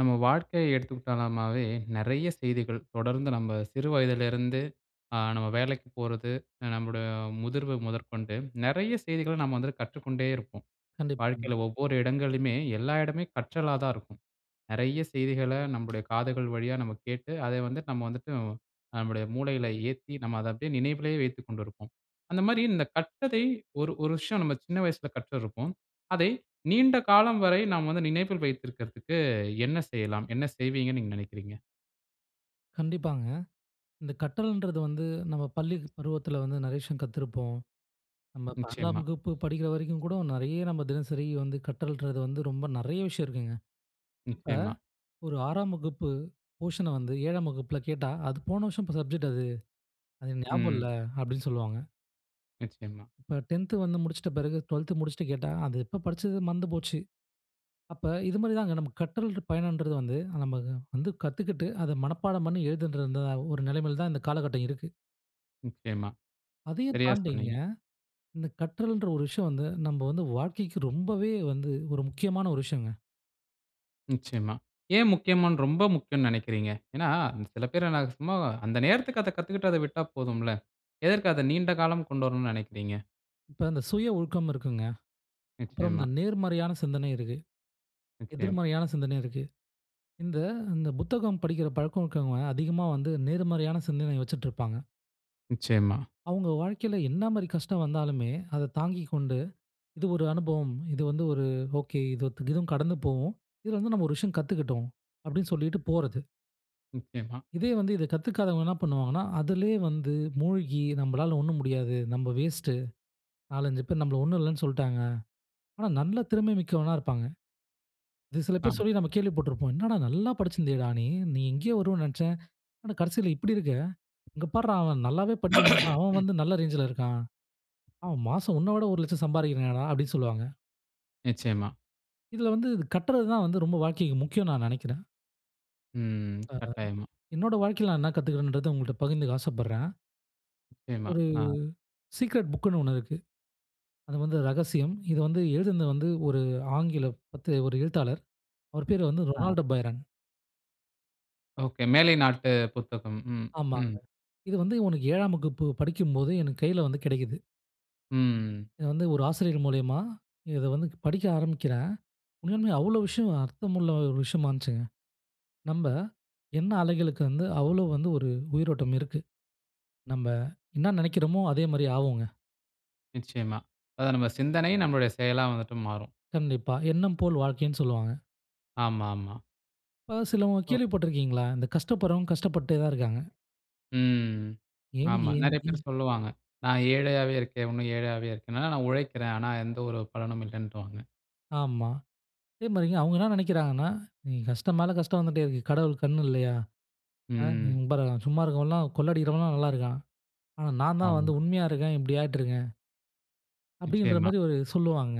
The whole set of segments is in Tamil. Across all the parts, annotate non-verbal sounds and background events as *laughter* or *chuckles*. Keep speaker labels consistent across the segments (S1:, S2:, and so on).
S1: நம்ம வாழ்க்கைய எடுத்துகிட்டனாமே, நிறைய செய்திகள் தொடர்ந்து நம்ம சிறு வயதில இருந்து அ நம்ம வேலைக்கு போறது, அ நம்மோட முதிர்வு முதற்கொண்டு நிறைய செய்திகள நம்ம வந்து கற்றுக்கொண்டே இருப்போம்.
S2: கண்டிபாங்க.
S1: வாழ்க்கையில ஒவ்வொரு இடங்களுமே எல்லா இடமே கற்றலா தான் இருக்கும். நிறைய செய்திகள நம்முடைய காதுகள் வழியா நம்ம கேட்டு, அதை வந்து நம்ம வந்துட்டு நம்முடைய மூளையில ஏத்தி, நம்ம அத அப்பிடியே நினைவிலே வைத்துக்கொண்டிருப்போம். அந்த மாரி இந்த கற்றதை 1 1 விஷயம் நம்ம சின்ன வயசுல கற்றிருப்போம். அதை நீண்ட காலம் வரை நாம வந்து நினைவில் வைத்திருக்கதற்கு என்ன செய்யலாம்? என்ன செய்வீங்கனு நீங்க நினைக்குறீங்க?
S2: கண்டிப்பாங்க. இந்த கற்றல்ன்றது வந்து நம்ம பள்ளி பருவத்தில வந்து நெறைய விஷயம் கத்திருப்போம். நம்ம 12 ஆம்
S1: நிச்சயமா.
S2: வகுப்பு படிக்கிற வரைக்கும் கூட நிறைய நம்ம தினசரி வந்து கற்றல்ன்றது வந்து ரொம்ப நெறைய விஷயம் இருக்குங்க. இப்ப
S1: நிச்சயமா.
S2: 1 6 ஆம் வகுப்பு போர்ஷன் அ வந்து 7 ஆம் வகுப்பில கேட்டா, "அது போன வருஷம் சப்ஜெக்ட் அது, அது ஞாபகம் இல்ல."
S1: ம்.
S2: அப்பிடீன்னு சொல்லுவாங்க.
S1: நிச்சயமா.
S2: இப்ப 10 வந்து முடிச்சுட்ட பிறகு 12 முடிச்சுட்டு கேட்டா, "அது எப்ப படிச்சது மறந்து போச்சு." அப்ப இது மாரிதாங்க நமக்கு கற்றல் பயணம்ன்றது வந்து நமக்கு வந்து கத்துக்கிட்டு, அத மனப்பாடம் பண்ணி எழுதணுன்றதாவும் 1 நிலைமையில தான் இந்த காலகட்டம் இருக்கு.
S1: நிச்சயமா.
S2: அதையும்
S1: சரியா
S2: தாண்டிங்க,
S1: சொன்னீங்க.
S2: இந்த கற்றல்ன்ற ஒரு விஷயம் வந்து, நம்ப வந்து வாழ்க்கைக்கு ரொம்பவே வந்து, ஒரு முக்கியமான ஒரு விஷயங்க.
S1: நிச்சயமா. ஏன் முக்கியமான்னு ரொம்ப முக்கியன்னு நெனைக்கிறீங்க. ஏன்னா, சில பேருன்னா, சும்மா, அந்த நேரத்துக்கு, அத கத்துகிட்டு அத விட்டா போதும்ல. எதுக்கு அத நீண்ட காலம் கொண்டு வரணுன்னு நினைக்கிறீங்க?
S2: இப்ப அந்த சுய ஒழுக்கம் இருக்குங்க. அப்புறம்
S1: நிச்சயமா.
S2: இந்த நேர்மறையான சிந்தனை இருக்கு.
S1: நிச்சயம்.
S2: எதிர்மறையான சிந்தனை இருக்கு. இந்த இந்த புத்தகம் படிக்கிற பழக்கம் இருக்குறவங்க அதிகமா வந்து நேர்மறையான சிந்தனை வச்சிட்டுருப்பாங்க.
S1: நிச்சயமா.
S2: அவுங்க வாழ்க்கையில என்ன மாரி கஷ்டம் வந்தாலுமே, அத தாங்கிக்கொண்டு, இது ஒரு அனுபவம். இது வந்து ஒரு ஒகே. இதுவும் கடந்து போகும். இதுல வந்து, நாம ஒரு விஷயம் கத்துக்கிட்டோம். அப்பிடின்னு சொல்லிட்டு போறது.
S1: நிச்சயமா.
S2: இதே வந்து, இத கத்துக்காவங்க என்ன பண்ணுவாங்கன்னா, அதுலே வந்து மூழ்கி, நம்மளால ஒண்ணும் முடியாது. நம்ம வேஸ்ட்டு. 4, 5 பேரு நம்மள ஒண்ணும் இல்லைன்னு சொல்லிடாங்க. ஆனா, நல்ல திறமை மிக்கவனா இருப்பாங்க. இது சில பேரு
S1: ஆமா.
S2: சொல்லி, நாம கேள்விப்பட்டிருப்போம். "என்னடா! நல்லா படிச்சிருந்தியேடா நீ. நீ எங்கயோ வருவேன்னு நெனச்சேன். ஆனா, கடைசியில இப்டி இருக்க. இங்க பார்றா அவன் நல்லாவே படிக்க மாட்டான். அவன்
S1: *clears throat*
S2: வந்து நல்ல ரேஞ்சுல இருக்கான். அவன் மாசம் ஒன்ன விட, ரூ. 1 லட்சம் சம்பாதிக்கிறானேடா!" அப்பிடீன்னு சொல்வாங்க.
S1: நிச்சயமா.
S2: இதில வந்து இது கற்றது தான் வந்து ரொம்ப வாழ்க்கைக்கு முக்கியோனு, நான் நினைக்கிறேன்.
S1: ம். *tsk*
S2: ஆ.
S1: கட்டாயமா.
S2: *unintelligible* என்னோட வாழ்க்கையில நான் என்ன கத்துக்கிறேன்றத உங்கள்ட்ட பகிர்ந்துக்க ஆசைப்படுறேன்.
S1: நிச்சயமா.
S2: ஒரு
S1: ஆ.
S2: சீக்ரெட் புக்னு ஒண்ணு இருக்கு. அது வந்து ரகசியம். இது வந்து எழுதுனது வந்து ஒரு ஆங்கில பத்து ஒரு எழுத்தாளர். அவரு பேரு வந்து
S1: ஆ.
S2: Ronaldo Byron.
S1: ஓகே. மேலை நாட்டு புத்தகம். ம்,
S2: ஆமாங்க.
S1: ம்.
S2: இது வந்து உனக்கு 7ஆம் வகுப்பு படிக்கும்போது, எனக்கு கையில வந்து கிடைக்குது.
S1: ம்.
S2: இது வந்து ஒரு ஆசிரியர் மூலியமா, இத வந்து படிக்க ஆரம்பிக்கிறேன். உண்மையாளுமே அவ்ளோ விஷயம் அர்த்தமுள்ள ஒரு விஷயமா இருந்துச்சிங்க. நம்ப எண்ண அலைகளுக்கு வந்து அவ்ளோ வந்து ஒரு உயிரோட்டம் இருக்கு. நம்ப என்ன நினைக்கிறோமோ, அதே மாரி ஆவோங்க.
S1: நிச்சயமா. அதான் நம்ப சிந்தனை நம்பளுடைய செயலா வந்துட்டு மாறும்.
S2: கண்டிப்பா. "எண்ணம் போல் வாழ்க்கைனு சொல்லுவாங்க."
S1: ஆமா, ஆமா.
S2: இப்ப சிலவுங்க
S1: ஓ.
S2: கேள்வி பட்டு இருக்கீங்களா, இந்த கஷ்டப்படுறவங்க கஷ்டப்பட்டுட்டே தான் இருக்காங்க.
S1: ம்.
S2: ஏன்னு
S1: ஆமா.
S2: ஏன்
S1: நெறைய பேரு
S2: ன்
S1: சொல்லுவாங்க, "நான் ஏழையாவே இருக்கேன். இன்னும் ஏழையாவே இருக்கேன். ஆனா. நான் உழைக்கிறேன், ஆனா எந்த ஒரு பலனும் இல்லைன்றுவாங்க".
S2: ஆமா. அதே மாரிங்க அவுங்க என்ன நினைக்கிறாங்கனா, "நீங்க கஷ்டம் மேல கஷ்டம் வந்துடேயிருக்கு. கடவுளுக்கு கண்ணு இல்லையா? ஆ.
S1: ம்.
S2: இங்க பாருங்க, சும்மா இருக்கிறவன் எல்லாம் கொள்ள அடிக்கிறவன்லாம் நல்லா இருக்கான். ஆனா நான் தான் வந்து
S1: ஆமா.
S2: உண்மையா இருக்கேன் இப்படி ஆயிட்டிருக்கேன்." அப்படின்ற
S1: நிச்சயமா.
S2: மாரி ஒரு சொல்லுவாங்க.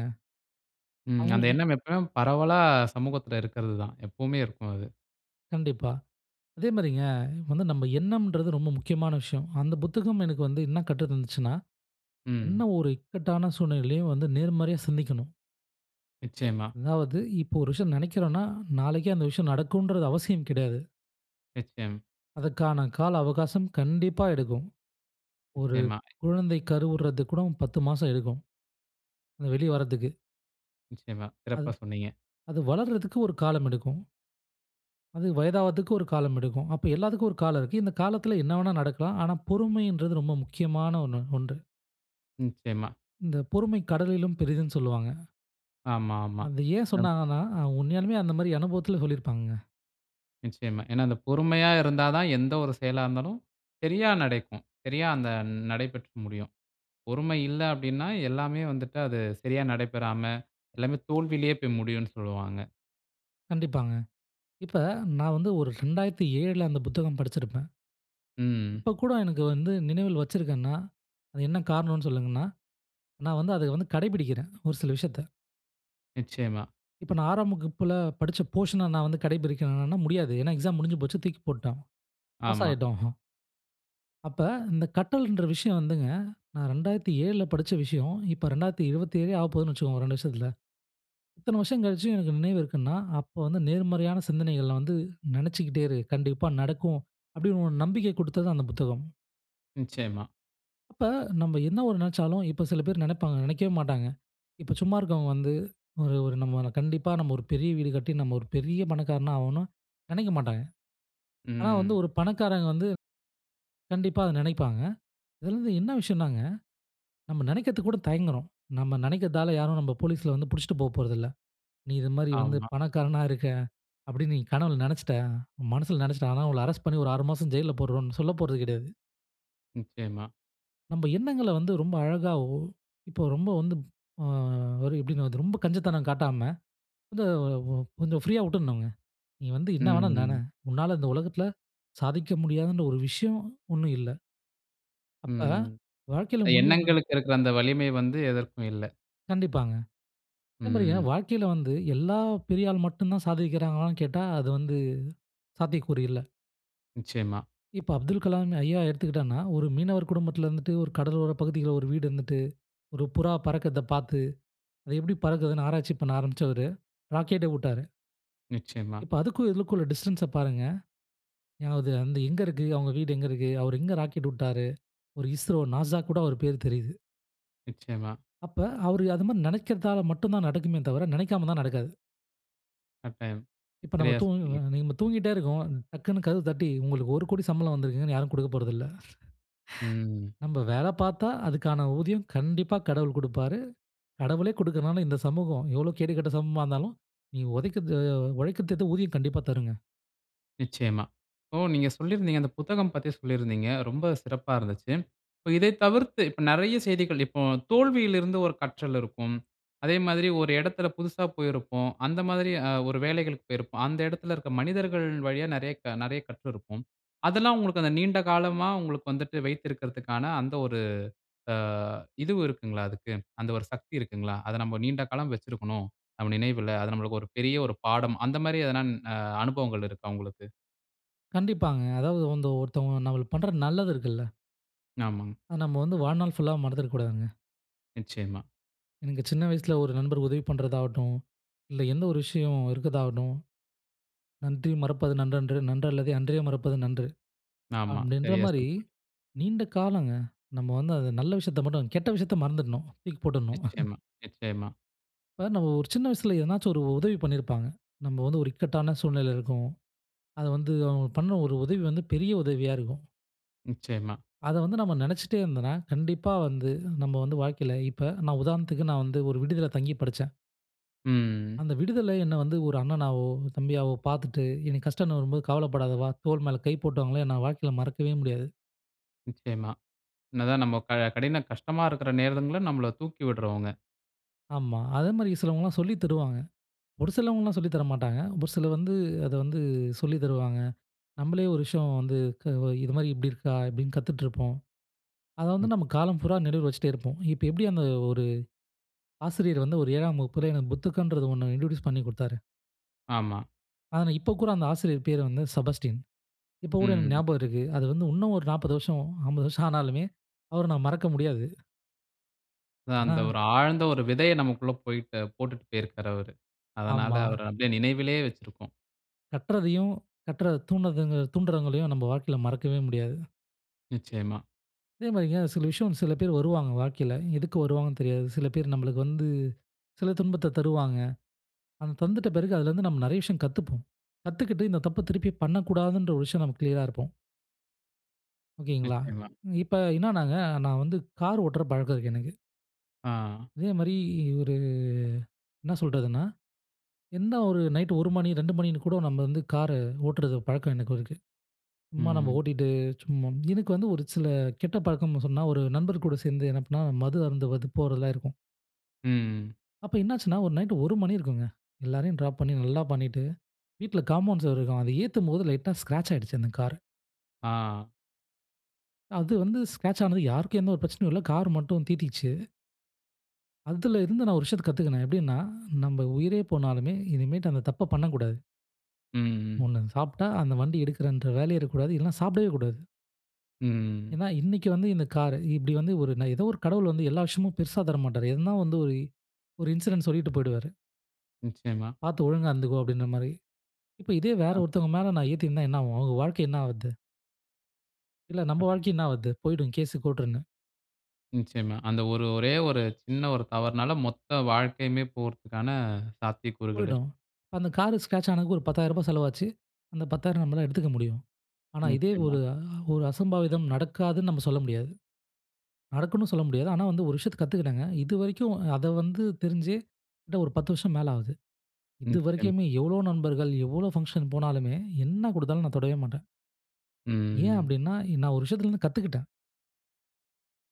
S1: ம். அந்த
S2: அவங்களுக்கு
S1: எண்ணம் எப்பவும் பரவலா சமூகத்தில இருக்கிறது தான். எப்பவுமே இருக்கும் அது.
S2: கண்டிப்பா. அதே மாரிங்க, வந்து நம்ப எண்ணம்ன்றது ரொம்ப முக்கியமான விஷயம். அந்த புத்தகம் எனக்கு வந்து என்ன கற்று தந்துச்சுனா, என்ன
S1: ம்.
S2: ஒரு இக்கட்டான சூழ்நிலையிலும் வந்து நேர்மறையா சிந்திக்கணும்.
S1: நிச்சயமா.
S2: அதாவது இப்போ ஒரு விஷயம் நினைக்கிறோன்னா, நாளைக்கே அந்த விஷயம் நடக்கும்ன்றது அவசியம் கிடையாது.
S1: நிச்சயம்.
S2: அதற்கான கால அவகாசம் கண்டிப்பா எடுக்கும். ஒரு
S1: நிச்சயமா.
S2: குழந்தை கருவுறது கூட 10 மாசம் எடுக்கும். வெளிய வரதுக்கு.
S1: நிச்சயமா.
S2: அது
S1: சிறப்பா சொன்னீங்க.
S2: அது வளர்றதுக்கு ஒரு காலம் எடுக்கும். அது வயதாவதுக்கு ஒரு காலம் எடுக்கும். அப்ப எல்லாத்துக்கும் ஒரு காலம் இருக்கு. இந்த காலத்தில என்ன வேணா நடக்கலாம். ஆனா பொறுமைன்றது ரொம்ப முக்கியமான ஒண்ணு ஒன்று.
S1: நிச்சயமா.
S2: இந்த பொறுமை கடலிலும் பெரிதுன்னு சொல்லுவாங்க.
S1: ஆமா, ஆமா.
S2: அந்த ஏன்
S1: சிறப்
S2: சொன்னாங்கன்னா, அ உண்மையாலுமே அந்த மாதிரி அனுபவத்தில சொல்லிருப்பாங்கங்க.
S1: நிச்சயமா, ஏன்னா அந்த பொறுமையா இருந்தா தான், எந்த 1 செயலா இருந்தாலும் சரியா நடக்கும். சரியா, அந்த ந நடைபெற்று முடியும். பொறுமை இல்ல அப்பிடின்னா, எல்லாமே வந்துட்டு அது சரியா நடைபெறாம எல்லாமே தோல்வியிலேயே போய் முடியும்னு சொல்லுவாங்க.
S2: கண்டிப்பாங்க. இப்ப நான் வந்து 1 2007ல அந்த புத்தகம் படிச்சிருப்பேன்.
S1: ம்.
S2: இப்ப கூட எனக்கு வந்து நினைவில் வச்சிருக்கேன்னா, அது என்ன காரணம்னு சொல்லணுன்னா நான் வந்து அத வந்து கடைபிடிக்கிறேன். 1 சில விஷயத்த.
S1: நிச்சயமா.
S2: இப்ப நான் 6 ஆம் வகுப்புல படித்த போர்ஷன் அ நான் வந்து கடை பிடிக்கிறேன்னா முடியாது. ஏன்னா, எக்ஸாம் முடிஞ்சு போச்சு தூக்கி போட்டோம். பாஸ்
S1: ஆமா.
S2: ஆகிட்டோம். *chuckles* அப்ப இந்த கற்றல்ன்ற விஷயம் வந்துங்க, நான் 2007 ல படிச்ச விஷயம், இப்போ 2027 லே ஆகப் போகுதுனே வச்சிக்கோங்க. 2 வருஷத்துல. இத்தன வருடம் கழிச்சு எனக்கு நினைவு இருக்குன்னா, அப்போ வந்து நேர்மறையான சிந்தனைகள வந்து நினைச்சிக்கிட்டே இரு. கண்டிப்பா நடக்கும். அப்பிடின்னு 1 நம்பிக்கை குடுத்தது அந்த புத்தகம்.
S1: நிச்சயமா.
S2: அப்ப நம்ப என்ன 1 நினைச்சாலும் இப்ப சில பேர் நினைப்பாங்க நினைக்கவே மாட்டாங்க. இப்ப சும்மா இருக்கவங்க வந்து 1 1 நம்ப கண்டிப்பா நம்ப 1 பெரிய வீடு கட்டி நம்ப ஒரு பெரிய பணக்காரனா ஆகனும்னு நினைக்கமாட்டாங்க. ஆனா, வந்து
S1: ம்.
S2: 1 பணக்காரங்க வந்து, கண்டிப்பா அத நினைப்பாங்க. இதுல வந்து என்ன விஷயம்னாங்க, நம்ப நினைக்கிறதுக்கு கூட தயங்குறோம். நம்ப நினைக்குறதால யாரும் நம்ப போலீஸ்ல வந்து பிடிச்சிட்டு போப்போறதில்ல. நீ இது மாரி வந்து
S1: ஆமா.
S2: பணக்காரனா இருக்க, அப்பிடின்னு நீ கனவுல நினைச்சிட்ட. உன் மனசுல நினைச்சிட்ட. ஆனா, உங்கள அரெஸ்ட் பண்ணி ஒரு 6 மாசம் ஜெயில்ல போடுறோன்னு சொல்லப்போறது கிடையாது.
S1: நிச்சயமா.
S2: நம்ப எண்ணங்கள வந்து ரொம்ப அழகாவோ, இப்போ ரொம்ப வந்து ஆ ஒரு எப்படின்வர்து? ரொம்ப கஞ்சத்தனம் காட்டாம, வந்து ஒ ஒ வந்து ஃப்ரீயா உட்டுட்னுங்க. நீ வந்து
S1: ம்.
S2: என்ன வேண்ணா நென!
S1: ம்.
S2: உன்னால இந்த உலகத்ல சாதிக்க முடியாதுன்ற ஒரு விஷ்யம் ஒண்ணும் இல்ல! அப்ப,
S1: ம்.
S2: வாழ்க்கையில
S1: அ
S2: முன்னேறனுனா
S1: எண்ணங்களுக்கு இருக்குற அந்த வலிமை வந்து எதற்கும் இல்ல!
S2: கண்டிப்பாங்க. அதே மாரிங்க
S1: ம்.
S2: வாழ்க்கைல வந்து, எல்லா பெரிய ஆள் மட்டும் தான் சாதிக்கிறாங்களானு கேட்டா, அது வந்து சாத்தியக்கூறு இல்ல!
S1: நிச்சயமா.
S2: இப்ப அப்துல் கலாம் ஐயா எடுத்துக்கிட்டோனா, ஒரு மீனவர் குடும்பத்ல இருந்துட்டு, ஒரு கடலோரப் பகுதியில ஒரு வீடு இருந்துட்டு, ஒரு புறா பறக்கிறத பாத்து, அது எப்டி பறக்குதுன்னு ஆராய்ச்சி பண்ண ஆரம்பிச்சவரு, ராக்கெட்ட உட்டாரு!
S1: நிச்சயமா.
S2: இப்ப அதுக்கும் இதுக்கும் உள்ள டிஸ்டன்ஸ்ச பாருங்க! ஞான உதயம் அந்த எங்க இருக்கு, அவுங்க வீடு எங்க இருக்கு? அவரு எங்க ராக்கெட் உட்டாரு? ஒரு I-S-R-O N -A -S -A க்கூட அவரு பேரு தெரியுது.
S1: நிச்சயமா.
S2: அப்ப அவரு அது மாரி நெனைக்கிறதால மட்டும் தான் நடக்குமே தவிர, நெனைக்காமருந்தா நடக்காது.
S1: கட்டாயம்.
S2: இப்ப நம்ம
S1: சரியா
S2: தூங்குங்க
S1: சொன்னீங்க.
S2: நம்ம தூங்கிட்டே இருக்கோம். டக்குன்னு கதவு தட்டி, உங்களுக்கு 10,00,000 சம்பளம் வந்திருக்குன்னு யாரும் குடுக்க போறதில்ல! *chuckles*
S1: ம்.
S2: நம்ப வேல
S1: அ.
S2: பாத்தா அதுக்கான ஊதியம் கண்டிப்பா கடவுள் குடுப்பாரு. கடவுளே குடுக்கலனாலும் இந்த சமூகம் எவ்ளோ கேடு கெட்ட சமூகமா இருந்தாலும் நீங்க உழைக்கருதுக்கேத்த உழைக்கத்கேத்த ஊதியம் கண்டிப்பா தருங்க.
S1: நிச்சயமா. இப்போ நீங்க சொல்லிருந்தீங்க, அந்த புத்தகம் பத்தி சொல்லிருந்தீங்க. ரொம்ப சிறப்பா இருந்துச்சு. இப்ப இதை தவிர்த்து. இப்ப நெறைய செய்திகள். இப்போ, தோல்வியில இருந்து ஒரு கற்றல் இருக்கும். அதே மாதிரி ஒரு இடத்துல புதுசா போயிருப்போம். அந்த மாதிரி அ ஒரு வேலைகளுக்கு போயிருப்போம். அந்த இடத்துல இருக்குற மனிதர்கள் வழியா நெறைய க நெறைய கற்றிருப்போம். அதெல்லாம் உங்களுக்கு அந்த நீண்ட காலமா, உங்களுக்கு வந்துட்டு வைத்திருக்கதற்கான அந்த ஒரு அ இதுவு இருக்குங்களா அதுக்கு. அந்த ஒரு சக்தி இருக்குங்களா? அத நம்ம நீண்ட காலம் வச்சுருக்கணும். நம்ம நினைவுல. அது நமக்கு ஒரு பெரிய ஒரு பாடம். அந்த மாதிரி எதுனா அ அனுபவங்கள் இருக்கா உங்களுக்கு?
S2: கண்டிப்பாங்க. அதாவது அந்த ஒருத்தவங்க நம்மளுக்கு பண்ற நல்லது இருக்குல்ல.
S1: ஆமாங்க.
S2: அத நம்ம வந்து வாழ்நாள் ஃபுல்லா மறந்துட கூடாதுங்க.
S1: நிச்சயமா.
S2: எனக்கு சின்ன வயசுல ஒரு நண்பர் உதவி பண்றதாகட்டும். இல்ல எந்த ஒரு விஷயம் இருக்கதாகட்டும். "நன்றி மறப்பது நன்றன்று நன்றல்லதே அன்றே மறப்பது நன்று"
S1: ஆமா.
S2: அப்படின்ற
S1: சரியா
S2: மாரி,
S1: சொன்னீங்க.
S2: நீண்ட காலங்க. நம்ம வந்து அது நல்ல விஷயத்த மட்டும். கெட்ட விஷயத்த மறந்துடணும். தூக்கி போட்டுணும். *chuckles*
S1: நிச்சயமா, நிச்சயமா!
S2: இப்ப நம்ம ஒரு சின்ன வயசுல ஏதுனாச்சு ஒரு உதவி பண்ணியிருப்பாங்க. நம்ம வந்து ஒரு இக்கட்டான சூழ்நிலைல இருக்கோம். அத வந்து அவுங்க பண்ண ஒரு உதவி வந்து பெரிய உதவியா இருக்கும்.
S1: நிச்சயமா.
S2: அத வந்து நம்ம நெனைச்சிட்டே இருந்தோன்னா, கண்டிப்பா வந்து நம்ம வந்து வாழ்க்கையில இப்ப நான் உதாரணத்துக்கு நான் வந்து ஒரு விடுதியில தங்கி படிச்சேன்.
S1: ம்.
S2: அந்த விடுதில என்ன வந்து ஒரு அண்ணனாவோ, தம்பியாவோ பார்த்துட்டு, எனக்கு கஷ்டன்னு வரும்போது "கவலப்படாத வா!" தோள் மேல கை போட்டவங்கள நா வாழ்க்கையில மறக்கவே முடியாது.
S1: நிச்சயமா. என்னதான் நம்ம க கடின கஷ்டமா இருக்கற நேரங்கள்ல, நம்மள தூக்கி விடுறவங்க.
S2: ஆமா. அதே மாரி சிலவங்கலாம் சொல்லி தருவாங்க. ஒரு சிலவங்கலாம் சொல்லி தர மாட்டாங்க. ஒரு சிலர் வந்து அத வந்து சொல்லி தருவாங்க. நம்பளே ஒரு விஷயம் வந்து க "இது மாரி இப்படி இருக்கா?" இப்டீன்னு கத்துட்ருப்போம். அத
S1: ம்.
S2: வந்து நம்ம காலம் பூரா நினைவுல வச்சுட்டே இருப்போம். இப்ப எப்படி அந்த ஒரு ஆசிரியர் வந்து ஒரு 7ஆம் வகுப்பில எனக்கு புத்தகன்றது ஒண்ணு இன்ட்ரொடியூஸ் பண்ணி குடுத்தாரு.
S1: ஆமா.
S2: ஆனா, இப்ப கூட அந்த ஆசிரியர் பேரு வந்து செபஸ்டியன். இப்போ கூட எனக்கு
S1: ம்.
S2: ஞாபகம் இருக்கு. அது வந்து இன்னும் ஒரு 40 வருஷம், 50 வருஷம் ஆனாலுமே, அவர நான் மறக்க முடியாது. ஆனா,
S1: அந்த ஒரு ஆழ்ந்த ஒரு விதைய நமக்குள்ள போய்ட்டு போட்டுட்டு போயிருக்காரு அவரு. அதனால
S2: ஆமா.
S1: அவர அப்படியே நினைவிலே வச்சிருக்கோம்.
S2: கட்றதையும் கற்க தூணகங்கள் தூண்றவங்களையும் நம்ப வாழ்க்கையில மறக்கவே முடியாது.
S1: நிச்சயமா.
S2: அதே மாரிங்க சில விஷயம் வந்து, சில பேரு வருவாங்க, வாழ்க்கைல. எதுக்கு வருவாங்கன்னு தெரியாது, சில பேரு நம்மளுக்கு வந்து, சில துன்பத்த தருவாங்க. அத தந்துட்ட பிறகு அதுல இருந்து நம்ம நெறைய விஷயம் கத்துப்போம். கத்துக்கிட்டு, இந்த தப்ப திருப்பி பண்ணக்கூடாதுன்ற ஒரு விஷயம், நம்ம க்ளியரா இருப்போம். ஓகேங்களா.
S1: நிச்சயமா.
S2: நீங் இப்ப என்னனாங்க, நான் வந்து கார் ஓட்டுற பழக்கம் இருக்கு எனக்கு.
S1: ஆ.
S2: அதே மாரி ஒரு என்ன சொல்றதுன்னா, என்ன ஒரு நைட்டு 1 மணி, 2 மணின்னு கூட நம்ம வந்து கார ஓட்டுறது. பழக்கம் எனக்கு இருக்கு. சும்மா நம்ம
S1: ம்.
S2: ஓட்டிட்டு, சும்மா எனக்கு வந்து ஒரு சில கெட்ட பழக்கம்னு சொன்னா ஒரு நண்பர் கூட சேந்து, என்ன பண்ணா மது அருந்துவது போறதுலாம் இருக்கும்.
S1: ம்
S2: அப்ப என்னாச்சுனா, ஒரு நைட் 1 மணி இருக்குங்க. எல்லரையும் ட்ராப் பண்ணி, நல்லா பண்ணிட்டு, வீட்ல காம்பவுண்ட் சொவுரு இருக்கும். அத ஏத்தும்போது, லைட்டா ஸ்கிராச் ஆயிடுச்சு அந்த காரு.
S1: ஆ.
S2: அது வந்து ஸ்கிராச் ஆனது, யாருக்கும் எந்த ஒரு பிரச்சனையும் இல்ல. கார் மட்டும் தீட்டிச்சு. அதுல இருந்து நான் ஒரு விஷயத்தை கத்துக்குனேன். எப்பிடீன்னா, நம்ம உயிரே போனாலுமே இனிமேட்டு அந்த தப்ப பண்ணக்கூடாது.
S1: ம்.
S2: ஒண்ணு, அத சாப்பிட்டா அந்த வண்டி எடுக்குறேன்ற வேலையே இருக்கக்கூடாது. இல்லனா, சாப்புடவே கூடாது.
S1: ம்.
S2: ஏன்னா, இன்னக்கி வந்து இந்த காரு இப்டி வந்து ஒரு நா ஏதோ ஒரு கடவுள் வந்து, எல்லா விஷயமும் பெருசா தரமாட்டாரு. எதுனா வந்து, ஒரு ஒரு இன்சிடென்ட் சொல்லிட்டு போய்டுவாரு.
S1: நிச்சயமா.
S2: "பார்த்து ஒழுங்கா இருந்துக்கொ," அப்படின்ற மாரி. இப்போ இதே வேற
S1: ஆ.
S2: ஒருத்தவங்க மேல நான் ஏத்திருந்தா என்ன ஆகும்? அவங்க வாழ்க்கை என்ன ஆவுறது? இல்ல நம்ம
S1: *unintelligible*
S2: வாழ்க்கை என்ன ஆவுறது? போயிடும் கேஸ் கோர்ட்டுன்னு.
S1: நிச்சயமா. அந்த ஒரு ஒரே ஒரு சின்ன ஒரு தவறுனால, மொத்த வாழ்க்கையுமே போறதுக்கான சாத்தியக்கூறுகள் இருக்கு.
S2: போய்டும். அந்த கார் ஸ்கெரெட்ச் ஆனதுக்கு ஒரு 10000 ரூபாய் செலவாச்சு. அந்த 10000 நம்மால எடுத்துக்க முடியும். ஆனா, இதே
S1: நிச்சயமா.
S2: ஒரு ஆ ஒரு அசம்பாவிதம் நடக்காதுனு நம்ம சொல்ல முடியாது. நடக்கும்ணு சொல்ல முடியாது. ஆனா, வந்து ஒரு விஷயத்த கத்துக்கிட்டேங்க. இது வரைக்கும் அத வந்து தெரிஞ்சி கிட்ட ஒரு 10 வருஷம் மேல ஆகுது.
S1: நிச்சயமா.
S2: இதுவரைக்குமே எவ்வளவு நண்பர்கள் எவ்வளவு ஃபங்சன் போனாலுமே என்ன குடுத்தாலும் நான் தொடவே மாட்டேன். ஏன்
S1: ம்.
S2: அப்படின்னா, இ நான் ஒரு விஷயத்திலிருந்து கத்துக்கிட்டேன்.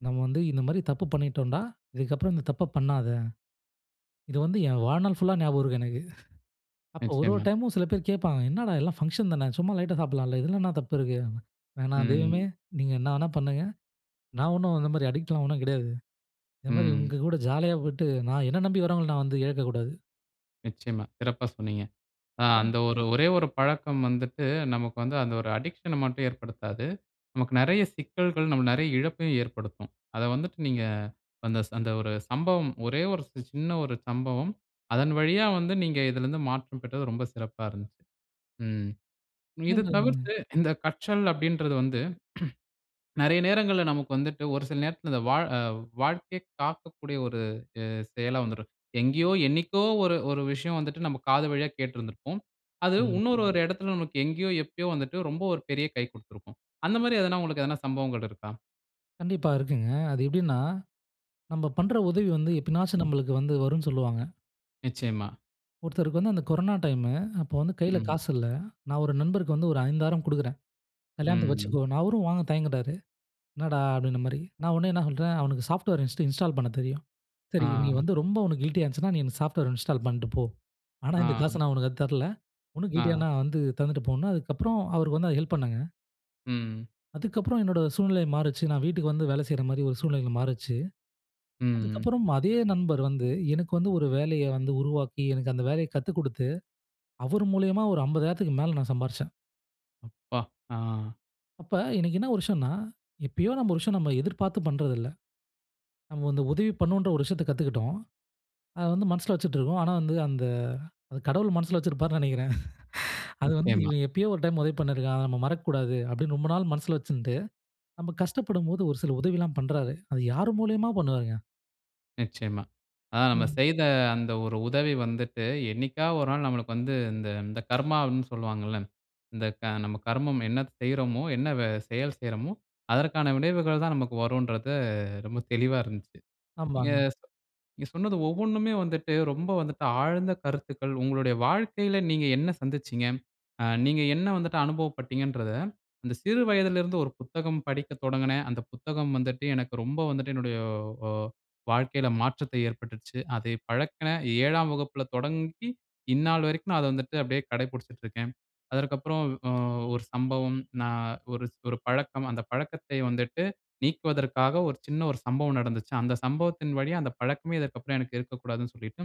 S2: நம்ம வந்து இந்த மாரி தப்பு பண்ணிட்டோம்டா, இதுக்கப்புறம் இந்த தப்ப பண்ணாத. இத வந்து என் வாழ்நாள் ஃபுல்லா ஞாபகம் இருக்கும் எனக்கு. *chuckles* அப்போ ஒரு ஒரு
S1: நிச்சயமா.
S2: டைமும் சில பேர் கேப்பாங்க, என்னடா எல்லாம் ஃபங்ஷன் தான, சும்மா லைட்டா சாப்பிடலாம்ல. இதில என்ன தப்பு இருக்கு? வேணாம் தெய்வமே
S1: ம்.
S2: நீங்க என்ன வேணா பண்ணுங்க. நான் ஒண்ணும் இந்த மாதிரி அடிக்ட்லாம் ஒண்ணும் கிடையாது. இந்த மாரி
S1: ம்.
S2: உங்க கூட ஜாலியா போயிட்டு, நான் என்ன நம்பி வரவங்கள நான் வந்து இழக்கக்கூடாது.
S1: நிச்சயமா. சிறப்பா சொன்னீங்க. ஆ
S2: அ.
S1: அந்த ஒரு ஒரே ஒரு பழக்கம் வந்துட்டு நமக்கு வந்து அந்த ஒரு அடிக்ஷன்ன மட்டும் ஏற்படுத்தாது. நமக்கு நிறைய சிக்கல்கள் நமக்கு நிறைய இழப்பையும் ஏற்படுத்தும். அத வந்துட்டு நீங்க அந்த ச அந்த ஒரு சம்பவம் ஒரே ஒரு சின்ன ஒரு சம்பவம் அதன் வழியா வந்து நீங்க இதில இருந்து மாற்றம் பெற்றது ரொம்ப சிறப்பா இருந்தது. ம். இது
S2: *unintelligible*
S1: தவிர்த்து இந்த கற்றல் அப்படின்றது வந்து. *clears throat* நிறைய நேரங்கள்ல நமக்கு வந்துட்டு ஒரு சில நேரத்தில இந்த வா ஆ வாழ்க்கை காக்கக்கூடிய ஒரு உ செ செயலா வந்துரும். எங்கேயோ, என்னைக்கோ, ஒரு ஒரு விஷயம் வந்துட்டு நம்ம காது வழியா கேட்டுருந்திருப்போம். அது
S2: ம்.
S1: இன்னொரு ஒரு இடத்துல நமக்கு எங்கேயோ, எப்பயோ வந்துட்டு ரொம்ப ஒரு பெரிய கை குடுத்திருக்கும். அந்த மாரி எதுனா உங்களுக்கு எதுனா சம்பவங்கள் இருக்கா?
S2: கண்டிப்பா, இருக்குங்க. அது எப்படின்னா, நம்ப பண்ணுற உதவி வந்து எப்பனாச்சு
S1: ம்.
S2: நம்மளுக்கு வந்து வரும்னு சொல்வாங்க.
S1: நிச்சயமா.
S2: ஒருத்தருக்கு வந்து அந்த கொரோனா டைம், அப்போ வந்து கையில்
S1: ம்.
S2: காசு இல்ல. நான் ஒரு நண்பருக்கு வந்து ஒரு 5000 குடுக்குறேன், கல்யாணத்துக்கு
S1: ம்.
S2: வச்சுக்கோ, அவரும் வாங்க தயங்குகிறாரு. என்னடா அப்படின்ற மாரி, நான் உடனே என்ன சொல்லுறேன் அவனுக்கு சாஃப்ட்வேர் ஹிஸ்ட்ரி இன்ஸ்டால் பண்ண தெரியும். சரி, நீ
S1: ஆ.
S2: வந்து ரொம்ப உனக்கு கில்டியா இருந்துச்சுன்னா நீ இந்த சாஃப்ட்வேர் இன்ஸ்டால் பண்ணிட்டு போ. ஆனா, இந்த காச
S1: ஆ.
S2: நான் உனக்கு அதுக்கு தரல. உனக்கு
S1: ஆ.
S2: கில்டியாண்ணா வந்து தந்துட்டு போன்னு, அதுக்கப்புறம் அவருக்கு வந்து அது ஹெல்ப் பண்ணேங்க.
S1: ம்.
S2: அதுக்கப்புறம் என்னோட சூழ்நிலை மாறுச்சு. நான் வீட்டுக்கு வந்து வேலை செய்யற மாதிரி ஒரு சூழ்நிலைகள் மாறிச்சு.
S1: ம்.
S2: அதுகப்புறம் அதே நண்பர் வந்து எனக்கு வந்து ஒரு வேலைய வந்து உருவாக்கி எனக்கு அந்த வேலைய கத்துக்குடுத்து அவர் மூலியமா ஒரு 50,000க்கு மேல நான் சம்பாரிச்சேன்.
S1: அப்பா, ஆ.
S2: அப்ப இன்னைக்கு என்ன விஷயம்னா, எப்பயோ நம்ப விஷயம் நம்ப எதிர்பார்த்து பண்ணுறதுல்ல. நம்ப வந்து உதவி பண்ணவோன்ற ஒரு விஷயத்த கத்துக்கிட்டோம். அத வந்து மனசுல வச்சிட்டுருக்கும். ஆனா, வந்து அந்த கடவுள் மனசுல வச்சிருப்பாருன்னு நினைக்குறேன். *chuckles* *sighs* அது வந்து,
S1: நிச்சயமா.
S2: "இவன் எப்பயோ ஒரு டைம் உதவி பண்ணியிருக்கான் அத நம்ப மறக்கக்கூடாது." அப்படின்னு ரொம்ப நாள் மனசுல வச்சுட்டு நம்ப கஷ்டப்படும்போது ஒரு சில உதவிலாம் பண்ணுறாரு. அது யார் மூலியமா பண்ணுவாருங்க?
S1: நிச்சயமா. அ நம்ம
S2: ம்.
S1: செய்த அந்த ஒரு உதவி வந்துட்டு என்னைக்காவது ஒரு நாள் நம்மளுக்கு வந்து இந்த இந்த கர்மா அப்டின்னு சொல்வாங்க இல்ல. இந்த க நம்ம கர்மம் என்ன செய்றோமோ என்ன வே செயல் செய்றோமோ அதற்கான விளைவுகள் தான் நமக்கு வரும்ன்றது ரொம்ப தெளிவா இருந்துச்சி. நீங்க
S2: ஆமாங்க.
S1: சொ நீங்க சொன்னது ஒவ்வொன்னுமே வந்துட்டு ரொம்ப வந்துட்டு ஆழ்ந்த கருத்துக்கள் உங்களுடைய வாழ்க்கையில நீங்க என்ன சந்தித்திச்சீங்க. அ நீங்க என்ன வந்துட்டு அனுபவப்பட்டீங்கன்றத அந்த சிறு வயதிலருந்து ஒரு புத்தகம் படிக்க தொடங்குனேன். அந்த புத்தகம் வந்துட்டு எனக்கு ரொம்ப வந்துட்டு என்னுடைய அ வாழ்க்கையில மாற்றத்தை ஏற்பட்டிடுச்சு. அதை பழக்கின 7ம் வகுப்பில தொடங்கி இந்நாள் வரைக்கும் நான் அத வந்துட்டு அப்படியே கடைப்புடிச்சிட்டு இருக்கேன். அதற்க்கப்புறம் அ ஒரு சம்பவம் நான். ஒரு ஒரு பழக்கம் அந்த பழக்கத்த வந்துட்டு நீக்குவதற்காக ஒரு சின்ன ஒரு சம்பவம் நடந்துச்சு. அந்த சம்பவத்தின் வழியா அந்த பழக்கமே இதற்க்கப்புறம் எனக்கு இருக்கக்கூடாதுனு சொல்லிட்டு.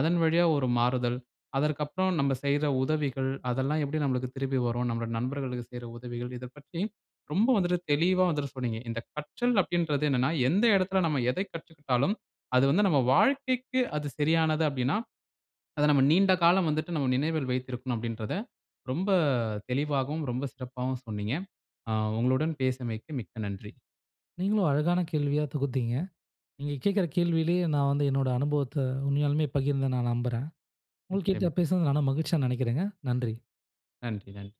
S1: அதன் வழியா ஒரு மாறுதல் அதற்க்கப்புறம் நம்ம செய்த உதவிகள், அதெல்லாம் எப்படி நம்மளுக்கு திருப்பி வரும் நம்முடைய நண்பர்களுக்கு செய்ற உதவிகள் இத பற்றி ரொம்ப வந்துட்டு தெளிவா வந்துட்டு சொன்னீங்க. இந்த கற்றல் அப்படின்றது என்னன்னா எந்த இடத்தில நம்ம எத கற்றுக்கிட்டாலும் அது வந்து நம்ம வாழ்க்கைக்கு அது சரியானது அப்படினா *swallows* அத நம்ம நீண்ட காலம் வந்துட்டு நம்ம நினைவில் வைத்திருக்கனும் அப்படின்றத ரொம்ப தெளிவாகவும் ரொம்ப சிறப்பாகவும் சொன்னீங்க. ஆ உங்களுடன் பேசியமைக்கு மிக்க நன்றி.
S2: நீங்களும் அழகான கேள்வியாத் தொகுத்தீங்க. நீங்க கேட்கற கேள்வியிலே நான் வந்து என்னோட அனுபவத்த உண்மையாலுமே பகிர்ந்தேனு நான் நம்புறேன்.
S1: நிச்சயமா.
S2: உங்கள்கிட்ட பேசினது நானும் மகிழ்ச்சியா நினைக்கிறேங்க. நன்றி.
S1: நன்றி, நன்றி.